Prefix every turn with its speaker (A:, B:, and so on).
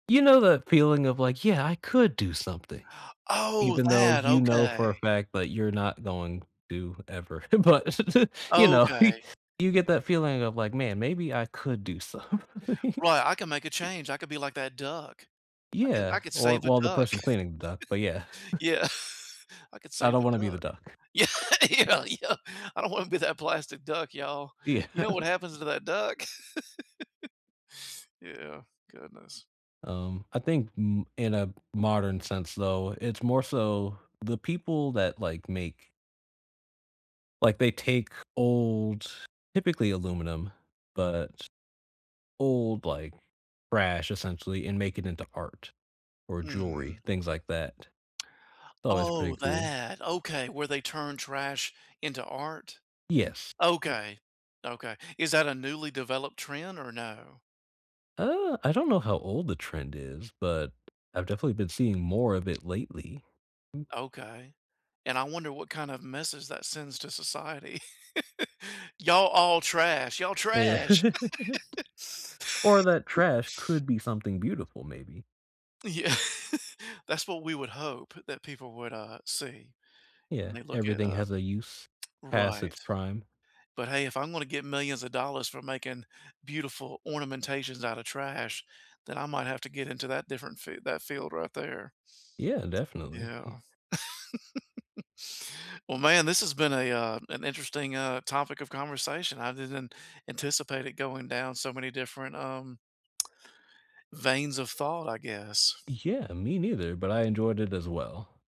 A: You know that feeling of like, "Yeah, I could do something,"
B: Oh,
A: even though
B: that,
A: you know
B: okay.
A: for a fact that you're not going to ever. But, you know, he
B: Okay.
A: you get that feeling of like, "Man, maybe I could do something."
B: Right, I can make a change, I could be like that duck. I could
A: Yeah.
B: I could
A: Or
B: save the
A: well, the
B: duck.
A: person cleaning the duck, but yeah.
B: Yeah. I could
A: I
B: save
A: don't
B: the
A: wanna be the
B: duck.
A: duck.
B: Yeah, yeah, yeah, I don't wanna be that plastic duck, y'all.
A: Yeah.
B: You know what happens to that duck? Yeah, goodness.
A: Um, I think m in a modern sense though, it's more so the people that, like, make like they take old typically aluminum, but old, like, trash essentially, and make it into art or jewelry,
B: Mhm.
A: things like that. It's always pretty
B: Oh,
A: cool.
B: that, okay, where they turn trash into art?
A: Yes.
B: Okay, okay. Is that a newly developed trend or no?
A: Uh, I don't know how old the trend is, but I've definitely been seeing more of it lately. M
B: Okay, and I wonder what kind of message that sends to society. "Y'all all trash, y'all
A: Yeah.
B: trash."
A: Or that trash could be something beautiful, maybe.
B: Yeah. That's what we would hope that people would, uh, see when
A: Yeah,
B: they look at,
A: everything
B: uh
A: has a use past its
B: right.
A: prime.
B: But, hey, if I'm gonna get millions of dollars for making beautiful ornamentations out of trash, then I might have to get into that different fi that field right there.
A: Yeah, definitely
B: Yeah.
A: he
B: Well, man, this has been a, uh, an interesting, uh, topic of conversation. I didn't anticipate it going down so many different, um, veins of thought, I guess.
A: Yeah, me neither, but I enjoyed it as well.